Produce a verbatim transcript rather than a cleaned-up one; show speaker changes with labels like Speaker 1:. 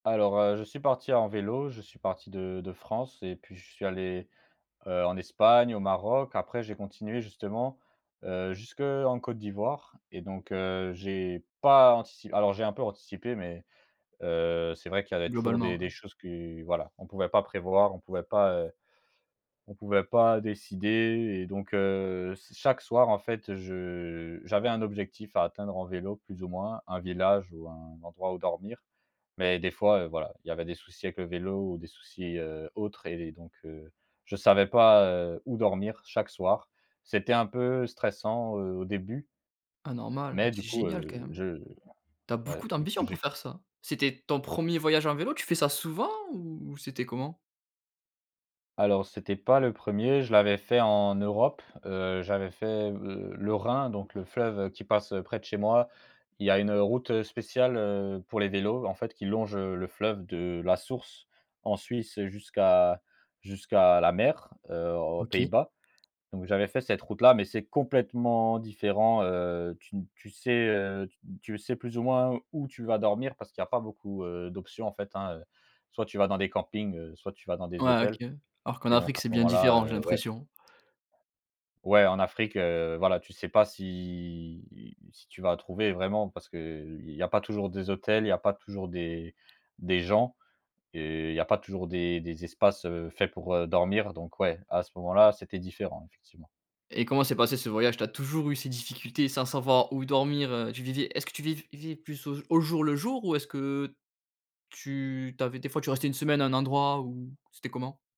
Speaker 1: Alors, heu, je suis parti en vélo, je suis parti de de France et puis je suis allé, heu, en Espagne, au Maroc, après j'ai continué justement, heu, jusqu'en Côte d'Ivoire et donc heu, j'ai pas antici alors j'ai un peu anticipé, mais heu, c'est vrai qu'il y avait toujours des
Speaker 2: Globalement,
Speaker 1: des
Speaker 2: hein.
Speaker 1: choses que voilà, on pouvait pas prévoir, on pouvait pas, heu, on pouvait pas décider et donc heu, s chaque soir en fait je j'avais un objectif à atteindre en vélo plus ou moins, un village ou un endroit où dormir, mais des fois voilà, il y avait des soucis avec le vélo ou des soucis, heu, autres et donc heu, je savais pas, heu, où dormir chaque soir. C'était un peu stressant, heu, au début
Speaker 2: Ah normal,
Speaker 1: mais du
Speaker 2: c'est
Speaker 1: coup,
Speaker 2: génial,
Speaker 1: heu,
Speaker 2: quand même.
Speaker 1: je
Speaker 2: Tu as
Speaker 1: ouais,
Speaker 2: beaucoup
Speaker 1: du coup,
Speaker 2: d'ambition
Speaker 1: j'ai
Speaker 2: pour
Speaker 1: f
Speaker 2: faire ça! C'était ton 1er voyage en vélo? Tu fais ça souvent, ou c'était comment?
Speaker 1: Alors c'était pas le premier, je l'avais fait en Europe, heu, j'avais fait le le Rhin, donc le fleuve qui passe près de chez moi. Il y a une route spéciale, heu, pour les vélos en fait qui longe le fleuve de la source en Suisse jusqu'à jusqu'à jusqu'à la mer, heu, aux
Speaker 2: OK.
Speaker 1: Pays-Bas, donc j'avais fait cette route là, mais c'est complètement différent. Heu, tu ne tu sais, heu, tu sais plus ou moins où tu vas dormir parce qu'il y a pas beaucoup, heu, d'options en fait hein. Soit tu vas dans des campings, soit tu vas dans des
Speaker 2: Ouais, OK,
Speaker 1: hôtels
Speaker 2: alors, qu'en
Speaker 1: et donc
Speaker 2: Afrique,
Speaker 1: à ce
Speaker 2: c'est bien
Speaker 1: moment là,
Speaker 2: différent, j'ai
Speaker 1: heu, ouais.
Speaker 2: l'impression.
Speaker 1: Ouais en Afrique, heu, voilà tu sais pas si si tu vas trouver vraiment parce qu'il y a pas toujours des hôtels, il y a pas toujours des des gens et il y a pas toujours des des espaces, heu, faits pour dormir donc ouais à ce moment-là c'était différent effectivement.
Speaker 2: Et comment s'est passé ce voyage? Tu as toujours eu ces difficultés sans savoir où dormir? Tu vivais est-ce que tu viv vais plus au jour le jour? Ou est-ce que tu tu avais des fois tu restais une semaine à un endroit où c'était comment?